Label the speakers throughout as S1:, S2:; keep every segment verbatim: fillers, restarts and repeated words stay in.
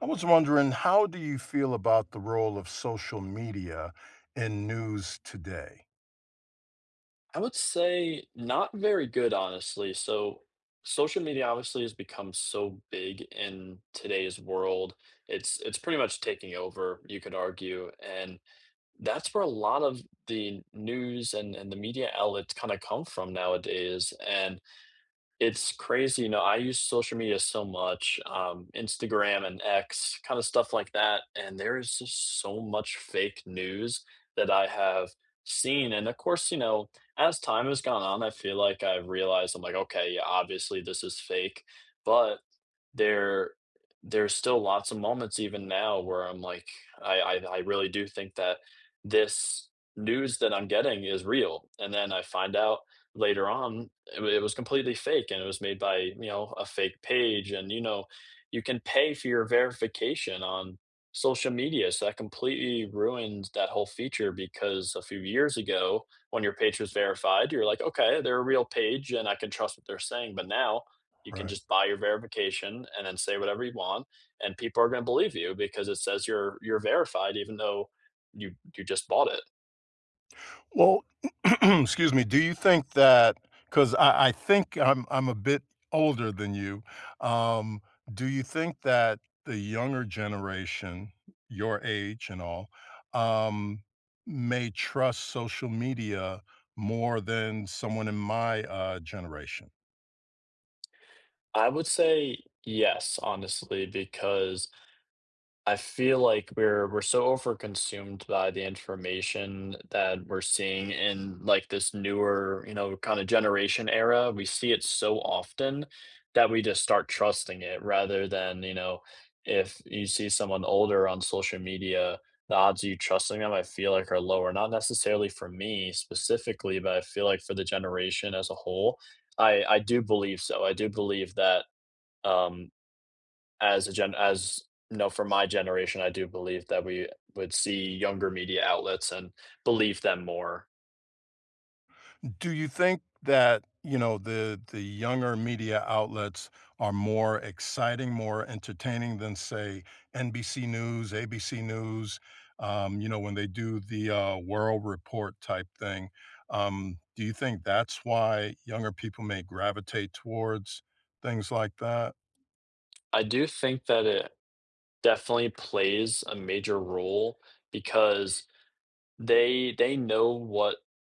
S1: I was wondering, how do you feel about the role of social media in news today?
S2: I would say, not very good, honestly, so, social media, obviously, has become so big in today's world. It's it's pretty much taking over, you could argue, and that's where a lot of the news and and the media outlets kinda come from nowadays, and it's crazy, you know, I use social media so much, um, Instagram and X, kinda stuff that, and there's just so much fake news that I have seen, and a course, you know, as time has gone on, I feel like I realized, I'm like, "Okay, yeah, obviously this is fake." But, there there's still lots of moments even now where I'm like, I I d I really do think that this news that I'm getting is real. And then I find out later on, it wa it was completely fake and it was made by, you know, a fake page, and you know, you can pay for your verification on social media, so that completely ruins that whole feature, because a few years ago, when your page was verified, you're like, "Okay, they're a real page, and I can trust what they're saying," but now, you can
S1: Right.
S2: just buy your verification, and then say whatever you want, and people are gonna believe you because it says you're you're verified, even though you you just bought it.
S1: Well, 'scuse me, do you think that 'cause I I think I'm I'm a bit older than you. Um, do you think that the younger generation, your age and all, um, may trust social media more than someone in my, uh, generation?
S2: I would say yes, honestly, because I feel like we're we're so overconsumed by the information that we're seeing in, like, this newer, you know, kinda generation era, we see it so often that we just start trusting it, rather than, you know if you see someone older on social media, the odds of you trusting them, I feel like, are lower. Not necessarily for me specifically, but I feel like for the generation as a whole, I I do believe so. I do believe that, um, as a gen as no, for my generation, I do believe that we would see younger media outlets and believe them more.
S1: Do you think that, you know, the the younger media outlets are more exciting, more entertaining than, say, NBC News, ABC News, um, you know, when they do the, uh, world report type thing? Um, do you think that's why younger people may gravitate towards things like that?
S2: I do think that it definitely plays a major role because they they know what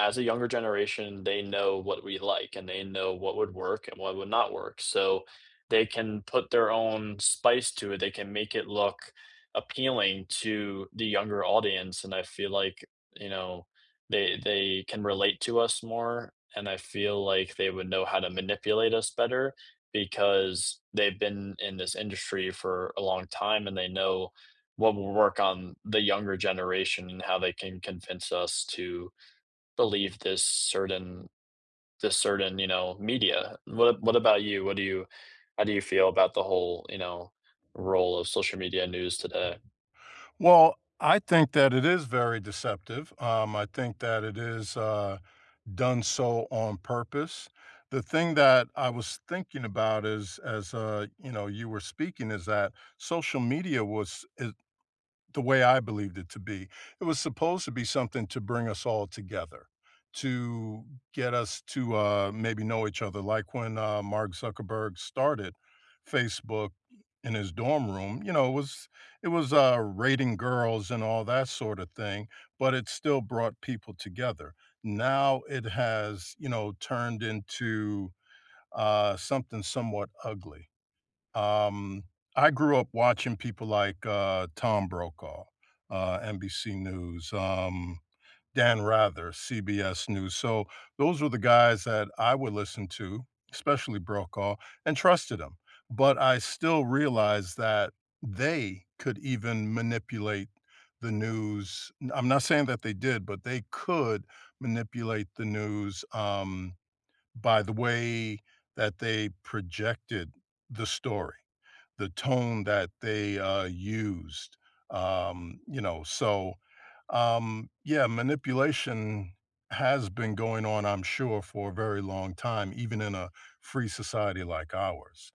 S2: as a younger generation, they know what we like and they know what would work and what would not work. So, they can put their own spice to it, they can make it look appealing to the younger audience, and I feel like, you know, they they can relate to us more and I feel like they would know how to manipulate us better, because they've been in this industry for a long time and they know what will work on the younger generation and how they can convince us to believe this certain this certain, you know, media. What a what about you? What do you how do you feel about the whole, you know, role of social media news today?
S1: Well, I think that it is very deceptive. Um, I think that it is, uh, done so on purpose. The thing that I was thinking about is as, uh, you know, you were speaking is that social media was id the way I believed it to be, it was supposed to be something to bring us all together, to get us to, uh, maybe know each other, like when, um, Mark Zuckerberg started Facebook in his dorm room, you know? It was it was, uh, rating girls and all that sort of thing, but it still brought people together. Now it has, you know, turned into, uh, something somewhat ugly. Um, I grew up watching people like, uh, Tom Brokaw, uh, NBC News, um, Dan Rather, CBS News, so, those were the guys that I would listen to, especially Brokaw, and trusted him, but I still realized that they could even manipulate the news mm, I'm not saying that they did, but they could manipulate the news, um, by the way that they projected the story. The tone that they, uh, used, um, you know? So, um, yeah, manipulation has been going on, I'm sure, for a very long time, even in a free society like ours.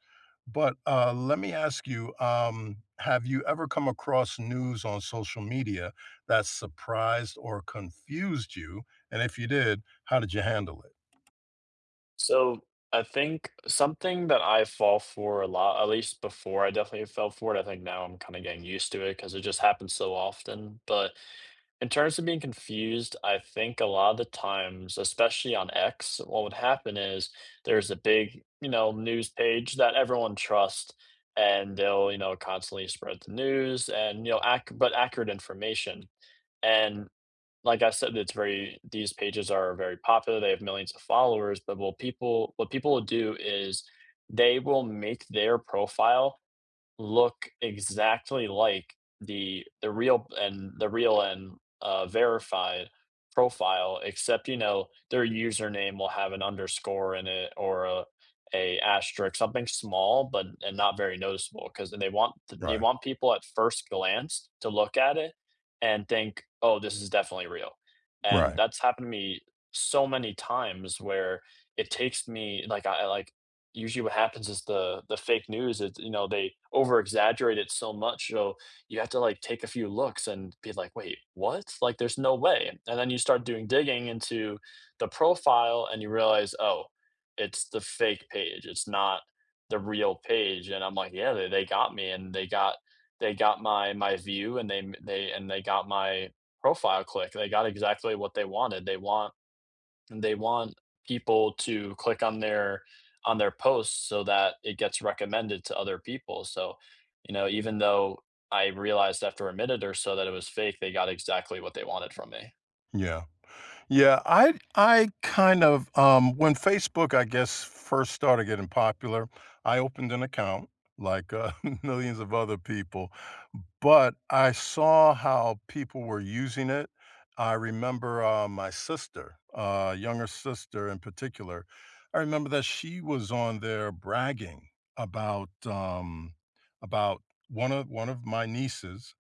S1: But, uh, let me ask you, um, have you ever come across news on social media that surprised or confused you, and if you did, how did you handle it?
S2: So, I think something that I fall for a lot, at least before, I definitely fell for it, I think now I'm kinda getting used to it, 'cause it just happens so often, but in terms of being confused, I think a lot the times, especially on X, what would happen is, there's a big, you know, news page that everyone trust, and they'll, you know, constantly spread the news, and you know, ac but accurate information. And like I said, it's very these pages are very popular, they have millions of followers, but what will people what people will do is they will make their profile look exactly like the the real and the real and, uh, verified profile except, you know, their username will have an underscore in it or, uh, a asterick, something small but and not very noticeable 'cause then they want th they
S1: Right.
S2: want people at first glance to look at it and think, "Oh, this is definitely real." And
S1: Right.
S2: that's happened to me so many times where it takes me like, I, like usually what happens is the the fake news, it's you know, they over-exaggerate it so much, you know? You have to, like, take a few looks and be like, "Wait, what? Like, there's no way," and then you start doing digging into the profile and you realize, "Oh, it's the fake page, it's not the real page," and I'm like, yeah, th they got me and they got they got my my view and they m they and they got my profile click. They got exactly what they wanted. They want they want people to click on their on their posts so that it gets recommended to other people. So, you know, even though I realized after a minute or so that it was fake, they got exactly what they wanted from me.
S1: Yeah. Yeah, I I kind of um, when Facebook, I guess, first started getting popular, I opened an account, like, uh, millions of other people, but I saw how people were using it. I remember, um, my sister- uh, younger sister in particular- I remember that she was on there bragging about, um about one of one of my nieces,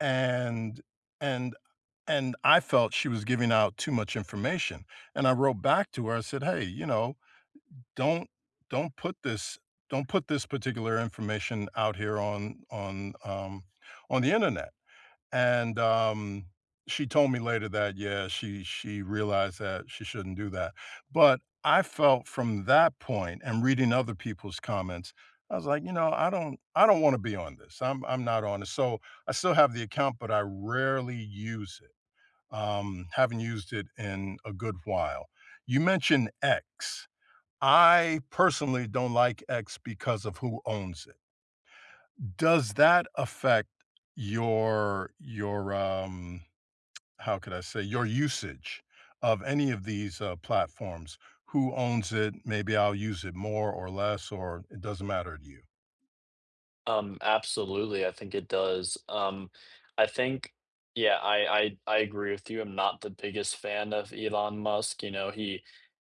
S1: and and and I felt she was giving out too much information, and I wrote back to her. I said, "Hey, you know, don't don't put this don't put this particular information out here on on, um, on the Internet." And, um, she told me later that, yeah, she she realized that she shouldn't do that. But I felt from that point and reading other people's comments, I was like, you know, "I don't I don't wanna be on this. I'm I'm not on this." So, I still have the account, but I rarely use it. Um, haven't used it in a good while. You mentioned X. I personally don't like X because of who owns it. Does that affect your your, um, how could I say your usage of any of these, uh, platforms? Who owns it? Maybe I'll use it more or less or it doesn't matter to you?
S2: Um, absolutely, I think it does. Um, I think yeah, I I I agree with you, I'm not the biggest fan of Elon Musk, you know, he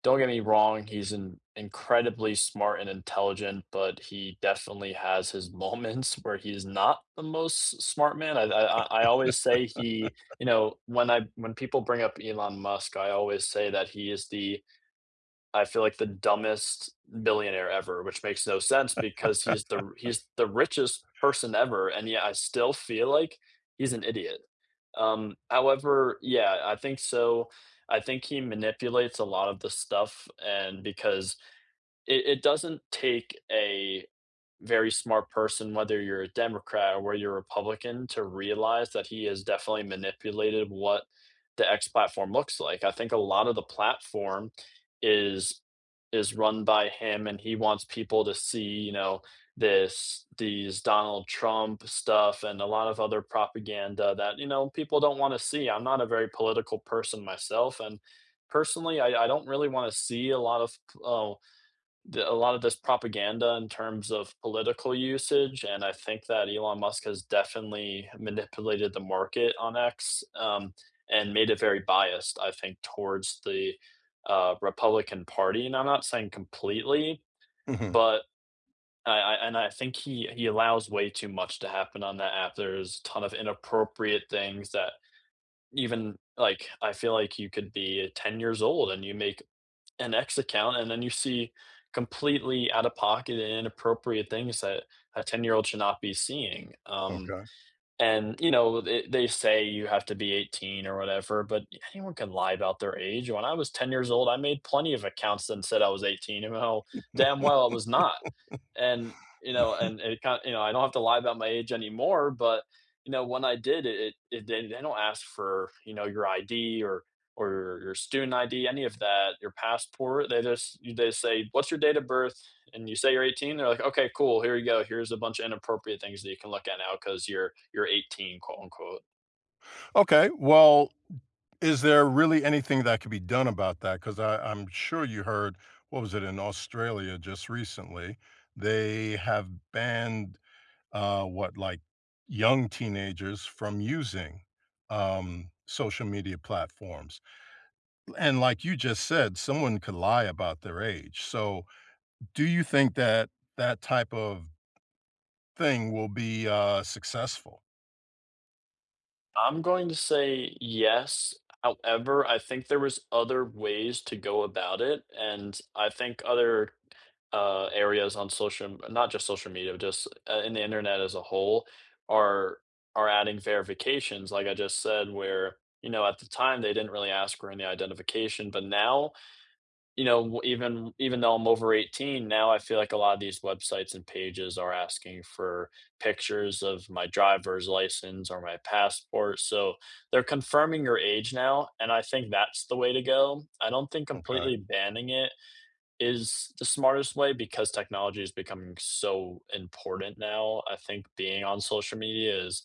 S2: don't get me wrong, he's an incredibly smart and intelligent, but he definitely has his moments where he's not the most s smart man I've I I I, uh, always say he, you know when I when people bring up Elon Musk, I always say that he is the I feel, like, the dumbest billionaire ever. Which makes no sense because he is the r he is the richest person ever, and yeah, I still feel, like, he's an idiot. Um, however yeah, I think so I think he manipulates a lot of the stuff and because it it doesn't take a very smart person, whether you're a Democrat or where you're Republican to realize that he has definitely manipulated what the X platform looks like. I think a lot of the platform is is run by him and he wants people to see, you know, this these Donald Trump stuff and a lot of other propaganda that, you know, people don't wanna see, I'm not a very political person myself and personally, I I don't really wanna see a lot of p ul that a lot of this propaganda in terms of political usage, and I think that Elon Musk has definitely manipulated the market on X, um, and made it very biased, I think, towards the, uh, Republican Party, and I'm not saying completely,
S1: Mhm.
S2: but, I I and I think he he allows way too much to happen on that app. There's ton of inappropriate things that even, like, I feel, like, you could be a ten years old and you make an X account, and then you see completely out-of-pocket and inappropriate things that a ten-year-old should not be seeing, um,
S1: Okay.
S2: and, you know, th they say you have to be eighteen or whatever, but anyone can lie about their age. When I was ten years old, I made plenty of accounts and said I was eighteen and know how damn well I was not. And, you know, and and it ki you know, I don't have to lie about my age anymore but, you know, when I did it, it it did and they don't ask for, you know, your ID or or your student ID, any of that your passport, they just you they just say, "What's your date of birth?" And you say you're eighteen, they're like, "Okay, cool, here you go. Here's a bunch of inappropriate things that you can look at now 'cause you're you're eighteen," quote, unquote.
S1: Okay, well, is there really anything that could be done about that? 'Cause I I'm sure you heard what was it? In Australia just recently, they have banned, uh, what, like, young teenagers from using, um, social media platforms. Eh, and like you just said, someone could lie about their age, so do you think that that type of thing will be, uh, successful?
S2: I'm going to say yes, however, I think there was other ways to go about it, and I think other, uh, areas on social m not just social media, just i in the internet as a whole are are adding verifications, like I just said, where, you know, at the time, they didn't really ask for any identification, but now, you know, w even even though I'm over eighteen, now I feel like a lotta these websites and pages are asking for pictures of my driver's license or my passport, so they're confirming your age now and I think that's the way to go. I don't think
S1: Okay.
S2: completely banning it is the smartest way because technology is becoming so important now. I think being on social media is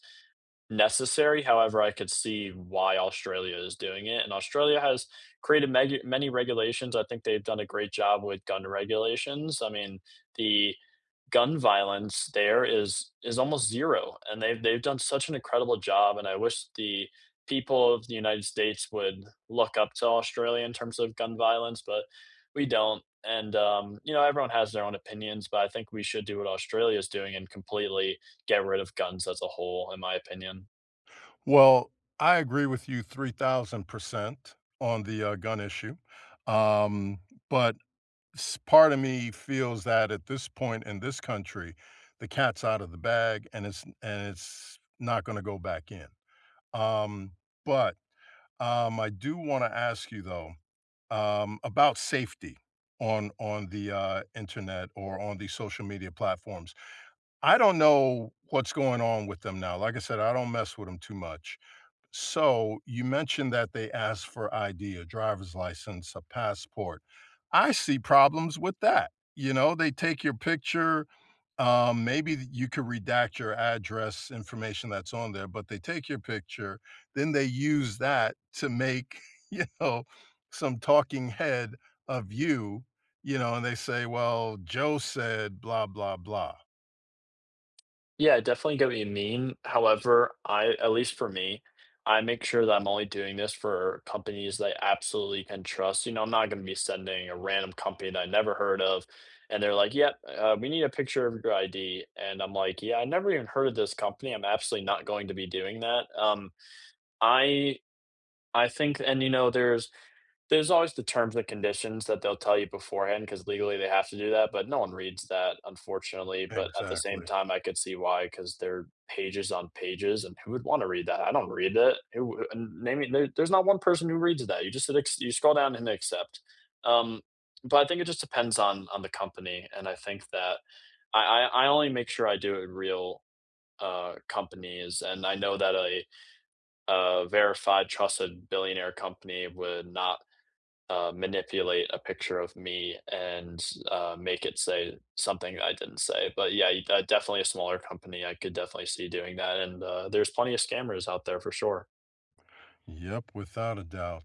S2: necessary; however, I could see why Australia is doing it and Australia has created meg many regulations, I think they've done a great job with gun regulations. I mean, the gun violence there is is almost zero and they've they've done such an incredible job, and I wish the people of the United States would look up to Australia in terms of gun violence, but we don't, and, um, you know, everyone has their own opinions, but I think we should do what Australia is doing and completely get rid of guns as a whole, in my opinion.
S1: Well, I agree with you three thousand percent on the, uh, gun issue, um, but s part of me feels that at this point in this country, the cat's outta the bag, and it's and it's not gonna go back in, um, but, um, I do wanna ask you, though, um, about safety on on the, uh, internet or on the social media platforms. I don't know what's going on with them now, like I said, I don't mess with 'em too much, so you mentioned that they asked for ID, a driver's license, a passport. I see problems with that, you know? They take your picture, um, maybe y you could redact your address, information that's on there, but they take your picture, then they use that to make, you know, some talking head of you, you know, and they say, "Well, Joe said, 'Blah, blah, blah.'"
S2: Yeah, definitely get what you mean. However, I at least for me, I make sure that I'm only doing this for companies that I absolutely can trust, you know, I'm not going to be sending a random company that I've never heard of, and they're like, "Yep, uh, we need a picture of your ID." And I'm like, "Yeah, I've never even heard of this company. I'm absolutely not going to be doing that." Um, I I think and you know, there's there's always the terms and conditions that they'll tell you beforehand 'cause legally they have to do that, but no one reads that unfortunately, but at the same
S1: Exactly.
S2: time, I could see why 'cause they're pages on pages and who would want to read that? I don't read it. It wou uh, name me there's not one person who reads that. You just hit acc you scroll down and accept. Um, but I think it just depends on on the company and I think that I I I only make sure I do it in real, uh, companies and I know that a, uh, verified trusted billionaire company would not, uh, manipulate a picture of me and, uh, make it say something I didn't say, but yeah, you uh, definitely a smaller company, I could definitely see doing that, and, uh, there's plenty of scammers out there for sure.
S1: Yep, without a doubt.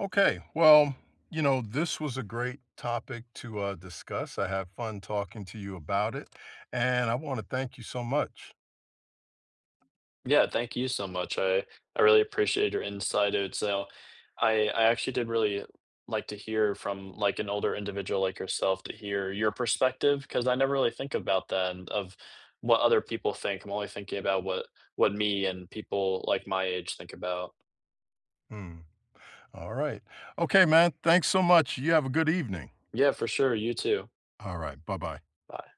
S1: Okay, well, you know, this was a great topic to, uh, discuss. I had fun talking to you about it, and I wanna thank you so much.
S2: Yeah, thank you so much. I I really appreciate your insight and so I I actually did really like to hear from, like, an older individual, like yourself, to hear your perspective 'cause I never really think about that, and of what other people think. I'm only thinking about what what me and people, like, my age think about.
S1: Mm. Alright. Okay, man. Thanks so much. You have a good evening.
S2: Yeah, for sure, you too.
S1: Alright. Bye-bye.
S2: Bye.